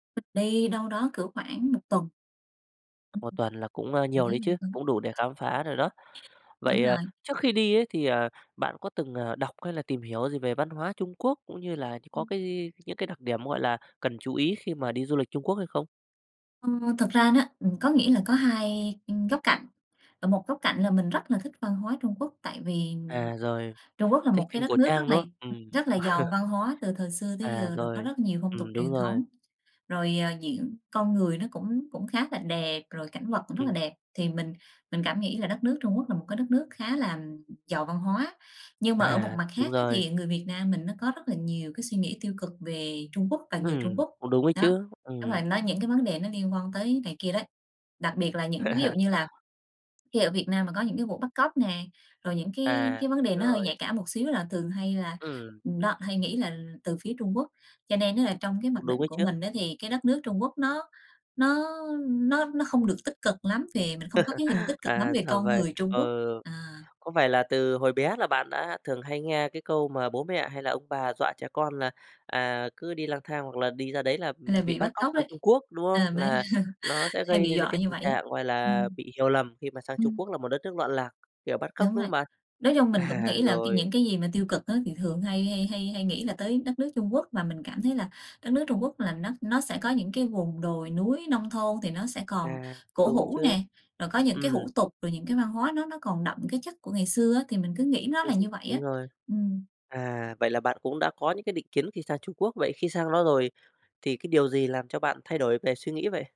Mình đi đâu đó cỡ khoảng một tuần. Một [unintelligible] tuần là cũng, ơ, nhiều đấy chứ, cũng đủ để khám phá rồi đó. Đúng Vậy, ờ, rồi. trước khi đi ấy thì, ờ, bạn có từng, ờ, đọc hay là tìm hiểu gì về văn hóa Trung Quốc cũng như là như có cái gi những cái đặc điểm, gọi là, cần chú ý khi mà đi du lịch Trung Quốc hay không? Ô, thực ra nó ừm, có nghĩa là có hai, ưm, góc cạnh, ở một góc cạnh là mình rất là thích văn hóa Trung Quốc tại vì À, rồi, Trung Quốc là thích một phim cái cổ đất nước rất trang, là đúng không? Ừm. rất là giàu văn hóa từ thời xưa tới À, giờ rồi, có rồi. rất nhiều phong tục Ừm, đúng truyền rồi. thống. Rồi, ờ, diễn con người nó cũng cũng khá là đẹp, rồi cảnh vật cũng rất là Ừm. đẹp, thì mình mình cảm nghĩ là đất nước Trung Quốc là một cái đất nước khá là giàu văn hóa. Nhưng mà ở một À, mặt đúng khác á rồi. thì người Việt Nam mình nó có rất là nhiều cái suy nghĩ tiêu cực về Trung Quốc và người Trung Ừm, Quốc. cũng đúng ấy Đó, chứ, đúng ừm. rồi nó những cái vấn đề nó liên quan tới này kia đấy. Đặc biệt là những ví dụ như là khi ở Việt Nam mà có những cái vụ bắt cóc nè, rồi những cái À, cái vấn đề nó hơi rồi. nhạy cảm một xíu là thường hay là Ừm. ừm, đó hay nghĩ là từ phía Trung Quốc. Cho nên á là trong cái Cũng mặc đúng định ấy của chứ. mình á thì cái đất nước Trung Quốc nó nó nó nó không được tích cực lắm vì mình không có cái hình tích cực lắm À, về ra con vậy, người Trung Quốc, ừ. à. Có phải là từ hồi bé là bạn đã thường hay nghe cái câu mà bố mẹ hay là ông bà dọa trẻ con là, à, cứ đi lang thang hoặc là đi ra đấy là, Là ừm, bị bị bắt bắt cóc cóc sang đấy, Trung Quốc, đúng không? à, mới Là nó sẽ hay gây bị nên, ơ, dọa cái như tình vậy ấy, trạng, gọi là, ừm. bị hiểu lầm khi mà sang Trung Quốc Ừm. là một đất nước loạn lạc, kiểu, bắt cóc, Đúng đúng rồi, không bạn? nói chung mình cũng À, nghĩ là cái rồi. những cái gì mà tiêu cực á thì thường hay hay hay hay nghĩ là tới đất nước Trung Quốc và mình cảm thấy là đất nước Trung Quốc là nó nó sẽ có những cái vùng đồi núi, nông thôn thì nó sẽ còn À, cũng cổ đúng ấy hủ chứ, nè, rồi có những cái ừm. hủ tục, rồi những cái văn hóa nó nó còn đậm cái chất của ngày xưa á thì mình cứ nghĩ nó Ừm, là như vậy đúng á. rồi. Ừm. À, vậy là bạn cũng đã có những cái định kiến khi sang Trung Quốc, vậy khi sang đó rồi thì cái điều gì làm cho bạn thay đổi về suy nghĩ vậy?